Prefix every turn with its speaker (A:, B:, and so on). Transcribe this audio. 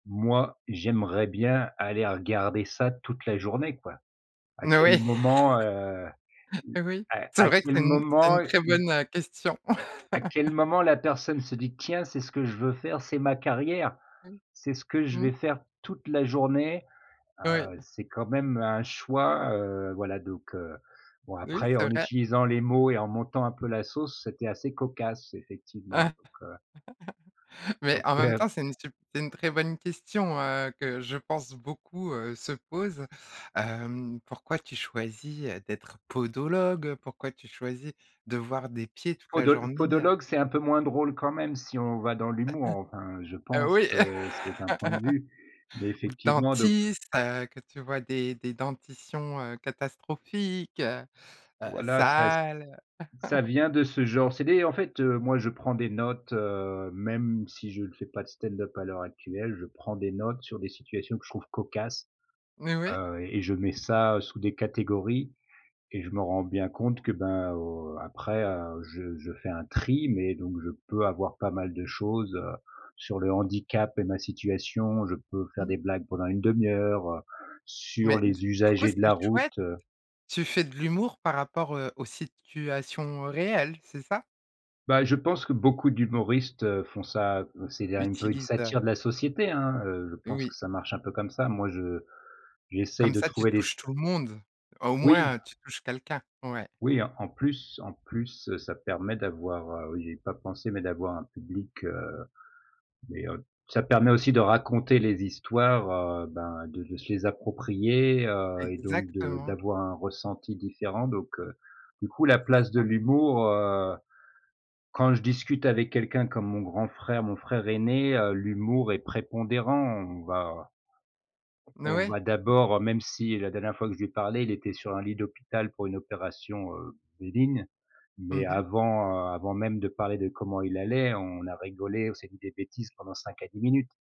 A: Moi j'aimerais bien aller regarder ça toute la journée, quoi. À
B: N
A: quel
B: oui.
A: moment, heu
B: Oui,
A: à
B: c'est
A: à
B: vrai que
A: quel
B: c'est une c'est une
A: moment
B: très
A: y
B: bonne, heu, question.
A: à quel moment la personne se dit: «Tiens, c'est ce que je veux faire, c'est ma carrière. C'est ce que je vais
B: Mmh.
A: faire toute la journée,
B: Oui.
A: heu» c'est quand même un choix, heu, voilà donc heu, bon
B: Oui
A: après
B: c'est
A: en
B: vrai.
A: utilisant les mots et en montant un peu la sauce, c'était assez cocasse effectivement
B: Ah,
A: donc heu
B: mais
A: Donc
B: en même
A: heu
B: temps, c'est une sup c'est une très bonne question, heu, que je pense beaucoup, heu, se pose, hem. Pourquoi tu choisis, heu, d'être podologue, heu, pourquoi tu choisis de voir des pieds toute la
A: Podol
B: journ ée, heu
A: podologue, c'est un peu moins drôle quand même, si on va dans l'humour. Enfin je
B: Heu,
A: pense,
B: oui,
A: heu, c'est un point de vue, mais
B: ou
A: effectivement de
B: dentiste, heu, que tu vois des des dentitions, heu, catastrophiques, heu,
A: Voilà ça s
B: sales, heu
A: ça vient de ce genre c'est des en fait, heu, moi je prends des notes, heu, même si je le fais pas de stand-up à l'heure actuelle. Je prends des notes sur des situations que je trouve cocasses,
B: Mais ouais.
A: heu, et je mets ça sous des catégories, et je me rends bien compte que, ben, heu, après, heu, je je fais un tri, mais donc je peux avoir pas mal de choses, heu, sur le handicap et ma situation. Je peux faire
B: Mmh.
A: des blagues pendant une 1/2 heure, heu, sur
B: Mais du
A: les
B: du coup
A: usagers de
B: c'est
A: la route,
B: chouette.
A: heu
B: Tu fais de l'humour par rapport, heu, aux situations, heu, réelles, c'est ça?
A: Bah, je pense que beaucoup d'humoristes, heu, font ça, c'est de un peu une
B: Utilise, heu
A: satire de la société hein, heu, je pense
B: Oui.
A: que ça marche un peu comme ça. Moi je j'essaye
B: Comme
A: de
B: ça, tu
A: trouver des s
B: touches tout le monde. Au
A: Oui.
B: moins tu touches quelqu'un. Ouais.
A: Oui en en plus en plus, heu, ça permet d'avoir, heu oui j'y ai pas pensé mais d'avoir un public, heu, mais heu ça permet aussi de raconter les histoires, heu, ben de se les approprier, heu, et donc de
B: Exactement.
A: d'avoir un ressenti différent donc heu, du coup la
B: C'est
A: place de
B: ça.
A: l'humour, heu, quand je discute avec quelqu'un comme mon grand frère. Mon frère aîné, heu, l'humour est prépondérant, on va
B: N
A: on
B: ouais.
A: va d'abord même si la dernière fois que je lui ai parlé, il était sur un lit d'hôpital pour une opération, heu, bénigne, mais
B: Mmh mh.
A: avant, heu, avant même de parler de comment il allait, on a rigolé, on s'est dit des bêtises pendant 5 à 10 minutes.